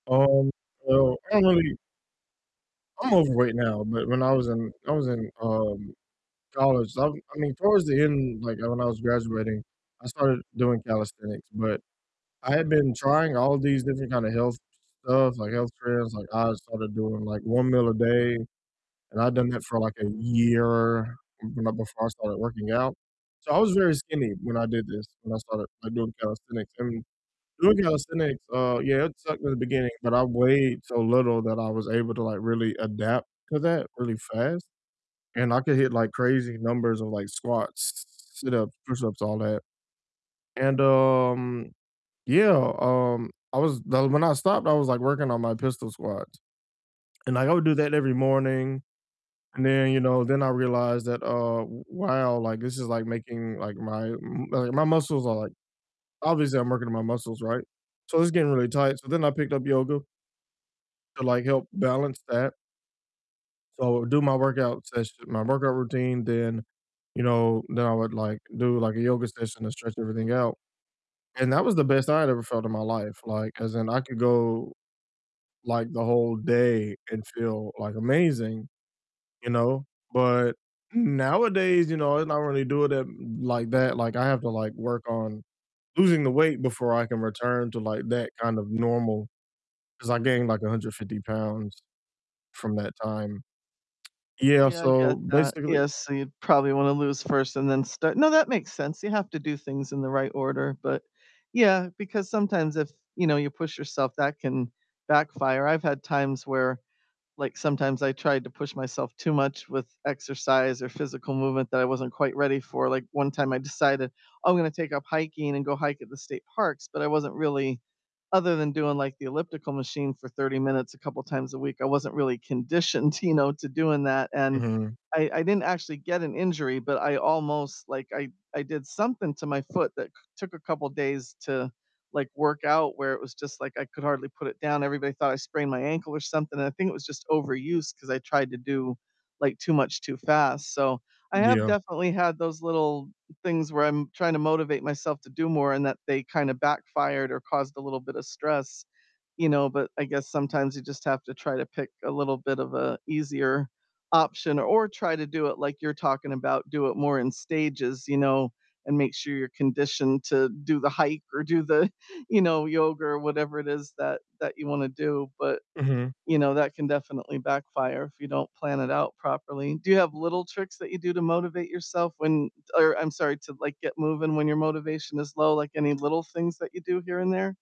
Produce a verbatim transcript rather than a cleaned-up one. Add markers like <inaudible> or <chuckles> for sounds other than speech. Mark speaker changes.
Speaker 1: Um, so, I don't really I'm overweight now, but when I was in I was in, um, college, I I mean, towards the end, like, when I was graduating, I started doing calisthenics but I had been trying all these different kind of health st stuff, like, health trends, like I started doing, like, one meal a day, and I'd done that for, like, a year b know, before I started working out. So, I was very skinny when I did this, when I started, like, doing calisthenics I mean, doing calisthenics, uh, yeah, it sucked in the beginning, but I weighed so little that I was able to, like, really adapt to that really fast, and I could hit, like, crazy numbers of, like, squats, s sit-ups, push-ups, all that, and, um, yeah, um, I was The When I stopped, I was, like, working on my pistol squats, and, like, I would do that every morning, and then, you know, then I realized that, uh, w wow, like, this is, like, making, like, my, m like, my muscles are like Obviously, I'm working on my muscles, right? So, it's getting really tight so, then I picked up yoga to, like, help balance that. So, do my workout session my workout routine, then, you know, then I would, like, do, like, a yoga session to stretch everything out, and that was the best I had ever felt in my life, like, 'cause then I could go, like, the whole day and feel, like, amazing, you know? But, mm nowadays, you know, I'm not really doing it like that, like, I have to, like, work on losing the weight before I can return to, like, that kind of normal, 'cause I gained, like, a hundred fifty pounds from that time. Yeah,
Speaker 2: Yeah, I
Speaker 1: so
Speaker 2: get that.
Speaker 1: basically
Speaker 2: Yeah, so, you probably want to lose first and then start no, that makes sense you have to do things in the right order, but yeah, because sometimes if, you know, you push yourself, that can backfire, I've had times where, like, sometimes I tried to push myself too much with exercise or physical movement that I wasn't quite ready for, like, one time I decided, "Oh, I'm gonna take up hiking and go hike at the state parks," but I wasn't really other than doing, like, the elliptical machine for thirty minutes a couple times a week, I wasn't really conditioned, you know, to doing that and
Speaker 1: Mhm.
Speaker 2: I I didn't actually get an injury, but I almost Like, I I did something to my foot that c took a couple days to, like, work out, where it was just like I could hardly put it down, everybody thought I sprained my ankle or something, and I think it was just overuse 'cause I tried to do, like, too much too fast so, I have
Speaker 1: Yeah.
Speaker 2: definitely had those little things where I'm tryna motivate myself to do more and that they kinda backfired or caused a little bit of stress, you know, but I guess sometimes you just have to try to pick a little bit of a easier option or try to do it like you're talking about, do it more in stages, you know, and make sure you're conditioned to do the hike or do the, <chuckles> you know, yoga or whatever it is that that you wanna do but,
Speaker 1: Mhm.
Speaker 2: you know, that can definitely backfire if you don't plan it out properly. Do you have little tricks that you do to motivate yourself when Or I'm sorry, to, like, get moving when your motivation is low? Like, any little things that you do here and there?